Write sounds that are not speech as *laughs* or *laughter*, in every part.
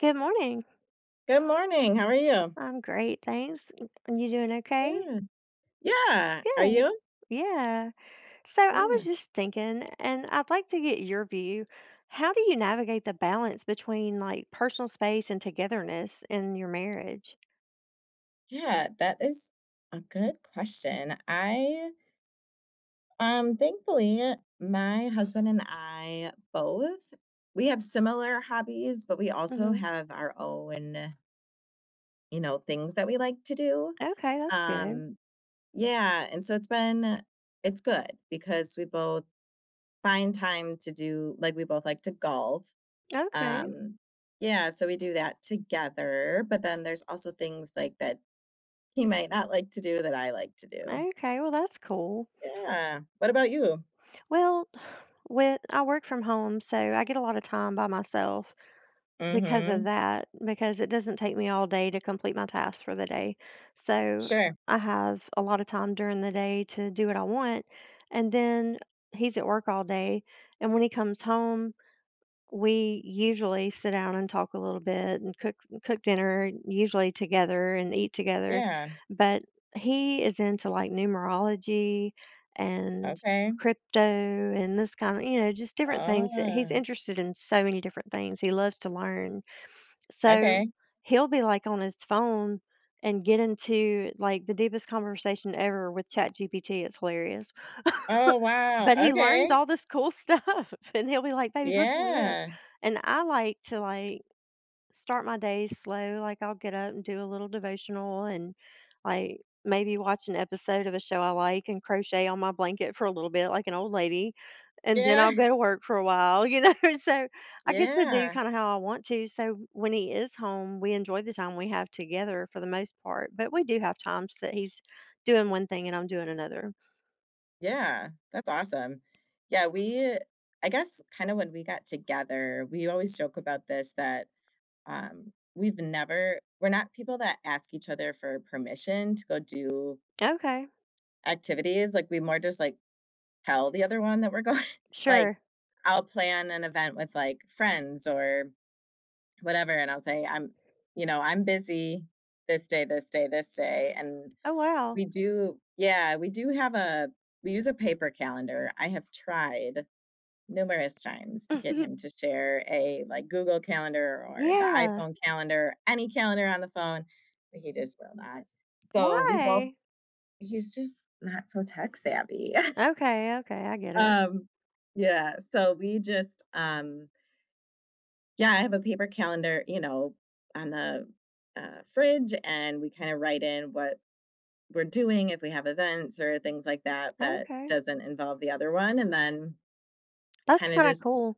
Good morning. Good morning, how are you? I'm great, thanks, and and you doing okay? Good. Yeah, are Good. you? Yeah, so I was Yeah. just thinking, and I'd like to get your view, how do you navigate the balance between, like, personal space and togetherness in your marriage? Yeah, that is a good question, I um, thankfully, my husband and I both we have similar hobbies, but we also Mhm. have our own you know, things that we like to do, Okay, that's good. um, yeah, and so it's been it's good because we both find time to do like, we both like to golf. Okay. Um, yeah, so we do that together, but then there's also things, like, that he might not like to do, that I like to do. Okay, well, that's cool. Yeah, what about you? Well, with I work from home, so I get a lotta time by myself because of Mhm. that, because it doesn't take me all day to complete my tasks for the day, so Sure. I have a lotta time during the day to do what I want, and then he's at work all day, and when he comes home, we usually sit down and talk a little bit and cooks cook dinner usually together and eat together. Yeah. But he is into, like, numerology and Okay. crypto and this kinda you know, just different things that he's Ah. interested in, so many different things. He loves to learn. So, Okay. he'll be, like, on his phone and get into, like, the deepest conversation ever with ChatGPT, it's hilarious. Oh, *chuckles* wow, But he learns okay. all this cool stuff, and he'll be like, "Baby, listen to this." Yeah. And I like to, like, start my day slow, like, I'll get up and do a little devotional and, like, maybe watch an episode of a show I like and crochet on my blanket for a little bit like an old lady, and then Yeah. I'll go to work for a while, you know, so I get to do Yeah. kinda how I want to, so when he is home, we enjoy the time we have together for the most part, but we do have times that he's doing one thing and I'm doing another. Yeah, that's awesome. Yeah, we, uh I guess, kinda when we got together- we always joke about this- that, um, we've never we're not people that ask each other for permission to go do Okay. activities, like, we more just, like, tell the other one that we're going like, Sure. I'll plan an event with, like, friends or whatever, and I'll say, "I'm, you know, I'm busy this day, this day, this day," and Oh, wow. we do Yeah, we do have a we use a paper calendar. I have tried numerous times to get Mhm. him to share a, like, Google Calendar or the Yeah. iPhone calendar, any calendar on the phone, but he just will not, so we both Why? He's just not so tech-savvy. *laughs* Okay, okay, I get it. Um, yeah, so we just, um Yeah, I have a paper calendar, you know, on the, uh, fridge, and we kinda write in what we're doing if we have events or things like that that Okay. doesn't involve the other one, and then That's kinda kinda just cool.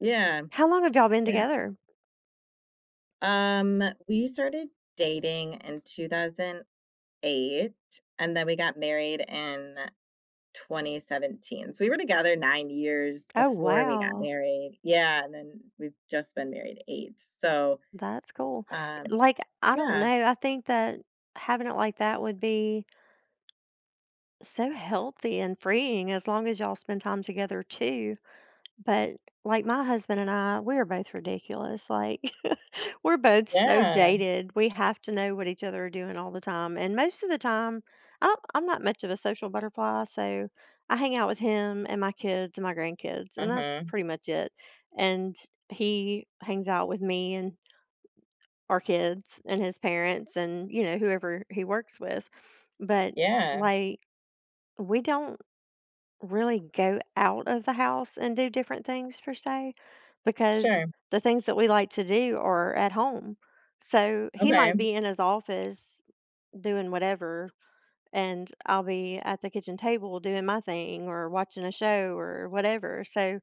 Yeah. How long have y'all been Yeah. together? Um, we started dating in 2008 and then we got married in 2017, so we were together 9 years Oh, before we got wow. married. Yeah, and then we've just been married 8, so, That's cool. I um Like, I don't Yeah. know, I think that having it like that would be so healthy and freeing as long as y'all spend time together too, but, like, my husband and I, we are both ridiculous, like, *chuckles* we're both so Yeah. jaded, we have to know what each other are doing all the time, and most of the time, I'm I'm not much of a social butterfly, so I hang out with him and my kids and my grandkids, and that's Mhm. pretty much it, and he hangs out with me and our kids and his parents and, you know, whoever he works with. But, Yeah. like, we don't really go out of the house and do different things per se, because Sure. the things that we like to do are at home, so he might Okay. be in his office doing whatever, and I'll be at the kitchen table doing my thing or watching a show or whatever, so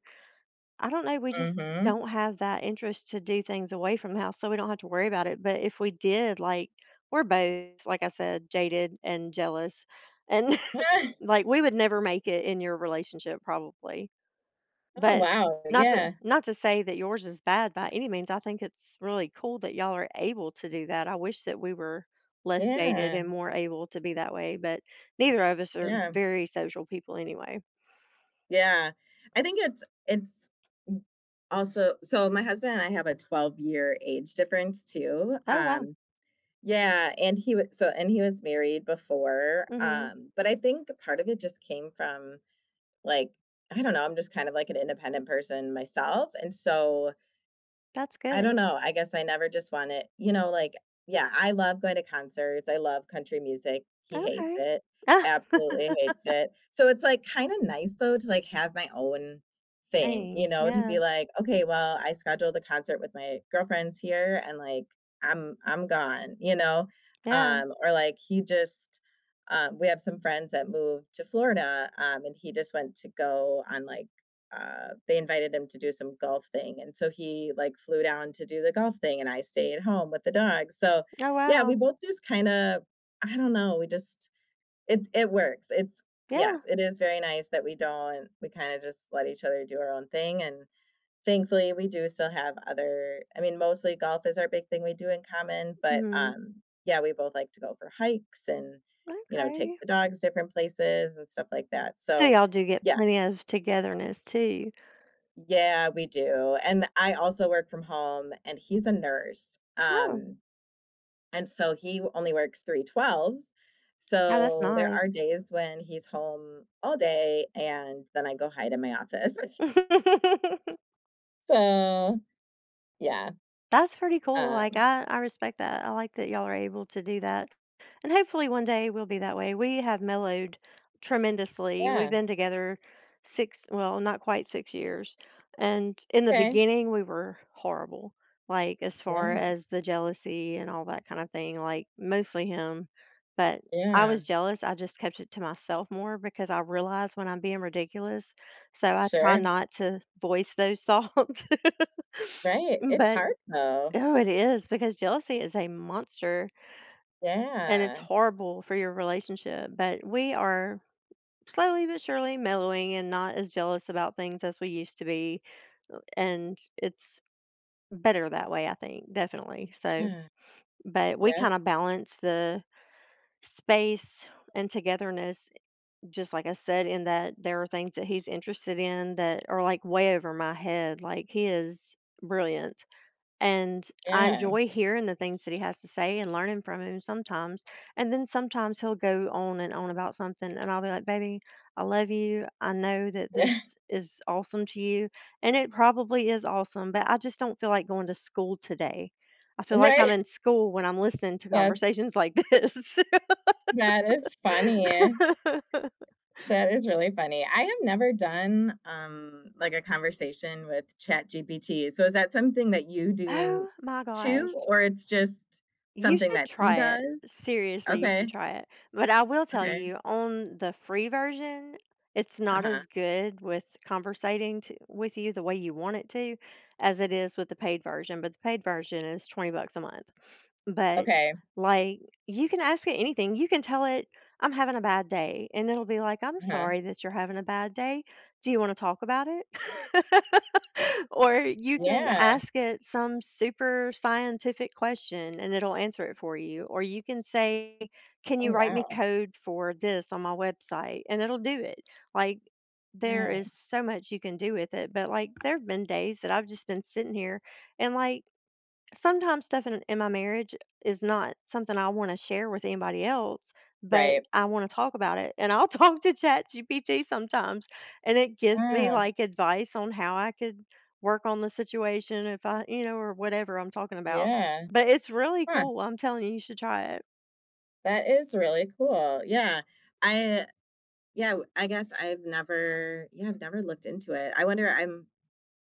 I don't know, we just Mhm. don't have that interest to do things away from the house, so we don't have to worry about it, but if we did, like We're both, like I said, jaded and jealous, and, *chuckles* *chuckles* like, we would never make it in your relationship probably. Oh, But wow. not to Yeah. not to say that yours is bad by any means. I think it's really cool that y'all are able to do that, I wish that we were less jaded Yeah. and more able to be that way, but neither of us are Yeah. very social people anyway. Yeah, I think it's and s also So my husband and I have a twelve-year age difference too, Oh, wow. um Yeah, and he would So And he was married before, Mhm. um, but I think a part of it just came from, like I don't know, I'm just kind of, like, an independent person myself, and so That's I don't good. know, I guess I never just want it, you know, like Yeah, I love going to concerts, I love country music, he hates Okay. it, absolutely hates *laughs* it, so it's, like, kinda nice though, to, like, have my own thing, you Dang! know, to Yeah. be like, "Okay, well, I scheduled a concert with my girlfriends here, and, like, I'm I'm gone," you know, Yeah. um, or, like, he just Um, we have some friends that moved to Florida, um, and he just went to go on, like, uh they invited him to do some golf thing, and so he, like, flew down to do the golf thing, and I stayed at home with the dogs, so Oh, Yeah, we wow. both just kinda I don't know, we just it's it works, it's Yes, Yeah. it is very nice that we don't we kinda just let each other do our own thing, and, thankfully, we do still have other I mean, mostly golf is our big thing we do in common, but, Mhm. um Yeah, we both like to go for hikes and, you know, take Okay. the dogs different places and stuff like that, So so y'all do get Yeah. plenty of togetherness too. Yeah, we do, and I also work from home, and he's a nurse, Oh. um, and so he only 3/12s No, that's so, there nice. are days when he's home all day, and then I go hide in my office. *chuckles* *giggles* So, yeah. That's pretty cool, like, Um I I respect that, I like that y'all are able to do that, and hopefully, one day, we'll be that way, we have mellowed tremendously, we've Yeah. been together six well, not quite six years, and in the Okay. beginning, we were horrible, like, as far Yeah. as the jealousy and all that kind of thing, like, mostly him, but I was Yeah. jealous, I just kept it to myself more because I realize when I'm being ridiculous, so, I try Sure. not to voice those thoughts. Right, M it's but hard, though. Oh, it is because jealousy is a monster. And it's Yeah. horrible for your relationship, but we are slowly but surely mellowing and not as jealous about things as we used to be, and it's better that way, I think, definitely, so, Yeah. but we Yeah. kinda balance the space and togetherness, just like I said, in that there are things that he's interested in that are, like, way over my head, like, he is brilliant, and I Yeah. enjoy hearing the things that he has to say and learning from him sometimes, and then sometimes he'll go on and on about something, and I'll be like, "Baby, I love you, I know that this *chuckles* is awesome to you, and it probably is awesome, but I just don't feel like going to school today. I feel like I'm in *unintelligible* school when I'm listening to That's conversations like this." Yeah, that is funny. *laughs* That is really funny, I have never done, um, like, a conversation with ChatGPT, so, is that something that you do Oh my gosh. too, or it's just You something should that he try it. does? Seriously, you should Okay. try it, but I will tell Okay. you on the free version, it's not Uh-huh. as good with conversating to with you the way you want it to, as it is with the paid version, but the paid version is twenty bucks a month, but, Okay. like, you can ask it anything, you can tell it, "I'm having a bad day," and it'll be like, "I'm Uh-huh. sorry that you're having a bad day, do you wanna talk about it?" *laughs* Or you can Yeah. ask it some super scientific question, and it'll answer it for you, or you can say, "Can Oh, you write me wow. code for this on my website?" And it'll do it, like, there Wow. is so much you can do with it, but, like, there have been days that I've just been sitting here, and, like, sometimes stuff in in my marriage is not something I wanna share with anybody else, but Right. I wanna talk about it, and I'll talk to ChatGPT sometimes, and it gives me, Mm. like, advice on how I could work on the situation if I you know, or whatever I'm talking about, Yeah. but it's really Huh. cool, I'm telling you, you should try it. That is really cool, yeah. I yeah, w I guess I've never yeah, I've never looked into it, I wonder I'm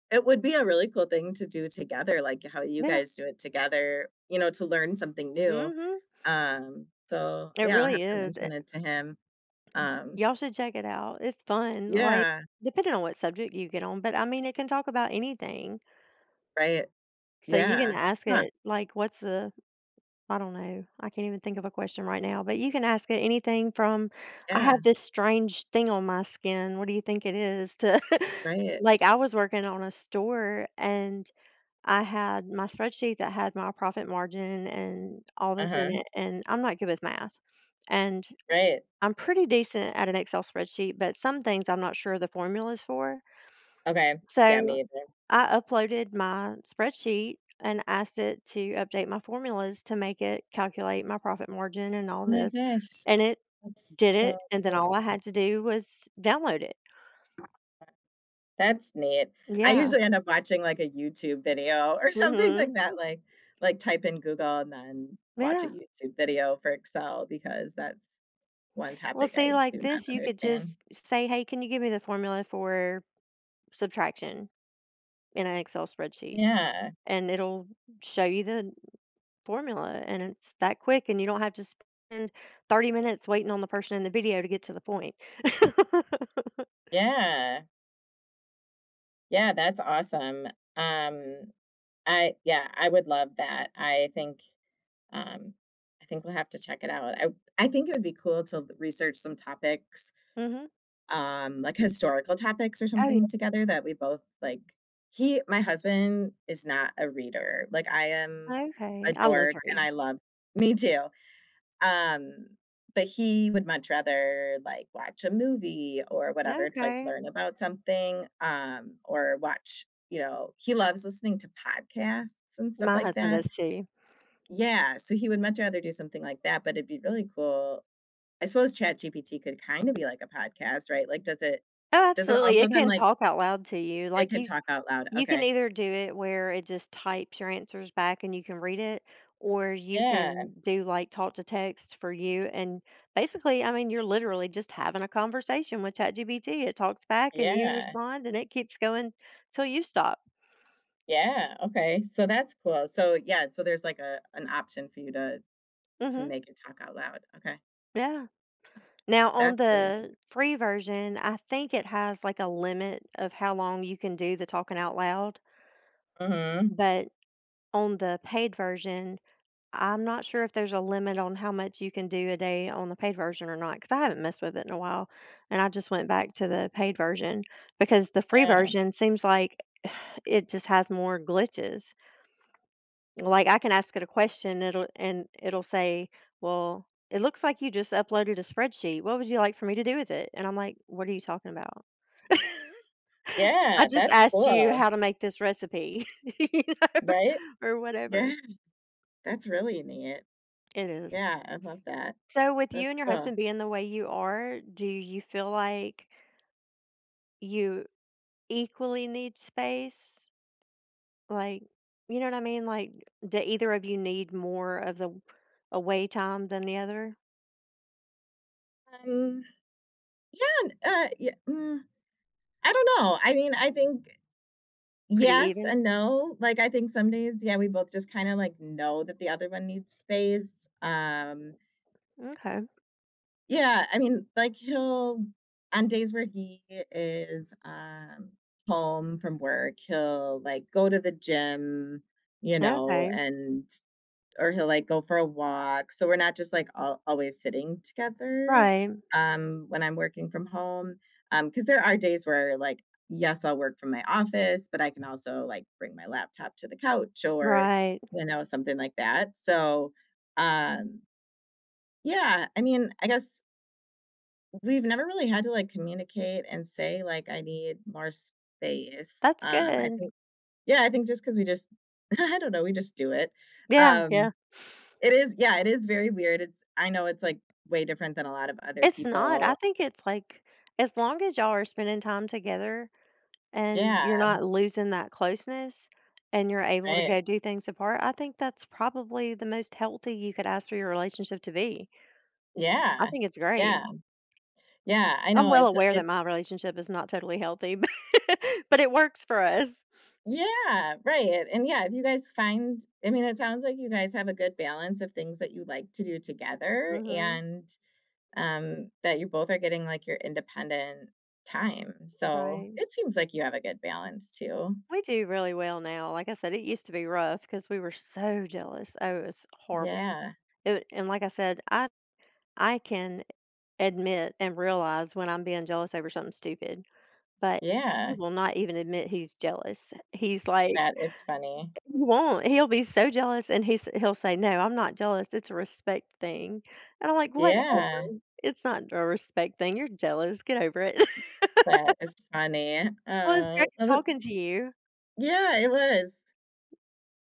it would be a really cool thing to do together, like, how you Yeah. guys do it together, you know, to learn something new, Mhm. um, so, It yeah, I'll really have to is, de mention it to him. Um Ya'll should check it out, it's fun, like, Yeah. depending on what subject you get on, but, I mean, it can talk about anything. Right. So you Yeah. can ask Huh. it, like, "What's the" I don't know, I can't even think of a question right now, but you can ask it anything from, "I have Yeah. this strange thing on my skin, what do you think it is?" to *chuckles* Right. like, I was working on a store, and I had my spreadsheet that had my profit margin and all this in Uh-huh. it, and I'm not good with math, and Right. I'm pretty decent at an Excel spreadsheet, but some things I'm not sure the formulas for. Okay, yeah, So, me either. I uploaded my spreadsheet and asked it to update my formulas to make it calculate my profit margin and all Oh my this, gosh. and it That's did so it, and then all cool. I had to do was download it. *unintelligible* that's neat. I Yeah. usually end up watching, like, a YouTube video or something like that, Mhm. like like, type in Google and then watch a Yeah. YouTube video for Excel because that's one Well, topic see, I like do not this, you could understand. just s say, "Hey, can you give me the formula for subtraction in an Excel spreadsheet?" Yeah. and it'll show you the formula, and it's that quick, and you don't have to spend 30 minutes waiting on the person in the video to get to the point. *laughs* Yeah. Yeah, that's awesome. Um uh, yeah, I would love that. I think, um I think we'll have to check it out. I I think it would be cool to research some topics, Mhm. um, like historical topics, or Oh, y something, together that we both like. He my husband is not a reader. Like, I am a Okay. I love dork, to and read. I love Me, too. Um, but he would much rather, like, watch a movie, or whatever, to, like, Okay. learn about something, um, or watch, you know he loves listening to podcasts and stuff My like husband that. does too. Yeah, so he would much rather do something like that, but it'd be really cool. I suppose ChatGPT could kinda be like a podcast, right? Like, does it Oh, does it absolutely. also It then, can like talk out loud to you, It like, can you talk out loud. you can Okay. either do it where it just types your answers back and you can read it, or you Yeah. can do, like, talk to text for you, and, basically, I mean, you're literally just having a conversation with ChatGPT, it talks back, and you Yeah. respond, and it keeps going 'til you stop. Yeah, okay, so that's cool. So, yeah, so there's, like, a an option for you to to Mhm. make it talk out loud. Okay. Yeah. Huh. Now on That's really neat. the free version, I think it has, like, a limit of how long you can do the talking out loud, Mhm. but on the paid version, I'm not sure if there's a limit on how much you can do a day on the paid version or not, 'cause I haven't messed with it in a while, and I just went back to the paid version, because the free Yeah. version seems like *sighs* it just has more glitches. Like, I can ask it a question, it'll and it'll say, "Well, it looks like you just uploaded a spreadsheet. What would you like for me to do with it?" and I'm like, "What are you talking about? *laughs* I Yeah, just that's asked you cool. how to make this recipe, *laughs* you know, Right? or Yeah. whatever." That's really neat. It is. Yeah, I love that. So, with That's you and your cool. husband being the way you are, do you feel like you equally need space? like, you know what I mean? Like, do either of you need more of the w away time than the other? Um, yeah, n uh, ye mm, I don't know. I mean, I think, Pretty yes and even. no. Like, I think some days, yeah, we both just kinda, like, know that the other one needs space. Um M'kay. Yeah, I mean, like, he'll on days where he is, um home from work, he'll, like, go to the gym, you know, Okay. and or he'll, like, go for a walk. So we're not just, like, al always sitting together, Right. um, when I'm working from home, um 'cause there are days where, like, yes, I'll work from my office, but I can also, like, bring my laptop to the couch or, Right. you know, something like that, so, um yeah, I mean, I guess we've never really had to, like, communicate and say, like, "I need more space," That's um, I good. think yeah, I think just 'cause we just- I don't know- we just do it. Yeah, Um, yeah. it is yeah, it is very weird. It's I know it's, like, way different than a lot of other It's not. I people think it's like as long as y'all are spending time together and Yeah. you're not losing that closeness and you're able to Right. go do things apart, I think that's probably the most healthy you could ask for your relationship to be. I Yeah. think it's great. Yeah. Yeah, I I'm know. well It's uh aware that it's my relationship is not totally healthy, bu *laughs* but it works for us. Yeah, right. And, yeah, if you guys find I mean, it sounds like you guys have a good balance of things that you like to do together Mhm. and, um, that you both are getting, like, your independent time, so Right. it seems like you have a good balance too. We do really well now. Like I said, it used to be rough 'cause we were so jealous. Oh, it was horrible. Yeah. It w and like I said, I I can admit and realize when I'm being jealous over something stupid, but he Yeah. will not even admit he's jealous. He's, like That is funny. he won't. He'll be so jealous, and he's he'll say, "No, I'm not jealous. It's a respect thing," and I'm like, Yeah. "Whatever. It's not a respect thing. You're jealous. Get over it." That *laughs* is funny. Well, it's Aw great Oh, l talking to you. Yeah, it was.